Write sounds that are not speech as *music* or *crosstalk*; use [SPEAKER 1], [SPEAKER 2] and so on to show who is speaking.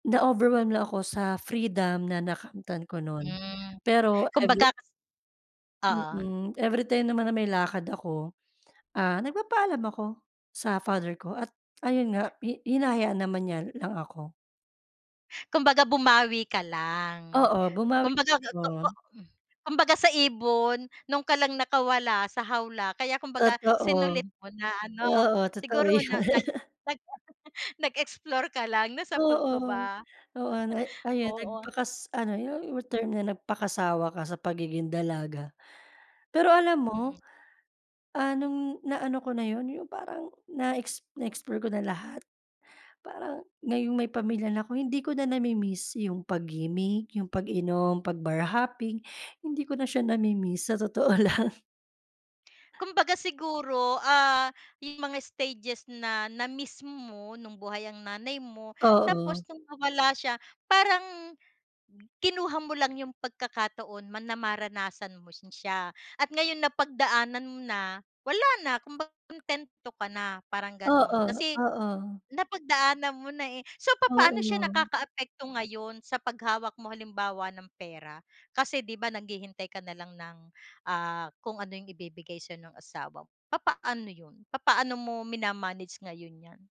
[SPEAKER 1] Na-overwhelm lang ako sa, freedom na nakamtan ko nun,
[SPEAKER 2] Hmm,
[SPEAKER 1] pero,
[SPEAKER 2] kumbaga
[SPEAKER 1] every
[SPEAKER 2] oo.
[SPEAKER 1] Mm, everytime naman na may lakad ako, ah, nagpapaalam ako, sa father ko at ayun nga hi hinahayaan naman niya lang ako.
[SPEAKER 2] Kumbaga bumawi ka lang,
[SPEAKER 1] Oo, bumawi
[SPEAKER 2] kumbaga totoo,
[SPEAKER 1] ako.
[SPEAKER 2] kumbaga sa ibon, 'nun ka lang nakawala sa hawla kaya kumbaga
[SPEAKER 1] Totoo,
[SPEAKER 2] sinulit mo na, ano?
[SPEAKER 1] oo, totoo
[SPEAKER 2] Siguro
[SPEAKER 1] yun.
[SPEAKER 2] na, nag, *chuckles*
[SPEAKER 1] *laughs*
[SPEAKER 2] nag nag-explore ka lang nasapul ko
[SPEAKER 1] Oo,
[SPEAKER 2] ba?
[SPEAKER 1] oo, na ayun,
[SPEAKER 2] Oo.
[SPEAKER 1] nagpakas ano yung, yung term na nagpakasawa ka sa pagiging dalaga. Pero alam
[SPEAKER 2] Mhm.
[SPEAKER 1] mo, ah, nung naano ko na yun, yung parang na ex na explore ko na lahat, parang, ngayong may pamilya na ko hindi ko na namimiss yung pag-gimik, yung pag-inom, 'pag bar hopping, hindi ko na siya namimiss, sa totoo lang.
[SPEAKER 2] Kumbaga siguro, ah, yung mga stages na, na miss mo nung buhay ang nanay mo,
[SPEAKER 1] Oo.
[SPEAKER 2] tapos nung nawala siya, parang, kinuha mo lang yung pagkakataon man na maranasan mo na si siya, at ngayon napagdaanan mo na, wala na, kung ba kuntento ka na, parang ganon,
[SPEAKER 1] Oo,
[SPEAKER 2] kasi,
[SPEAKER 1] oo.
[SPEAKER 2] napagdaanan mo na eh, so, papaano siya
[SPEAKER 1] Oo.
[SPEAKER 2] nakakaapekto ngayon sa paghawak mo halimbawa ng pera? Kasi, 'di ba naghihintay ka na lang ng, ah, kung ano yung ibibigay sayo ng asawa mo, papaano yun? Papaano mo minamanage ngayon yan?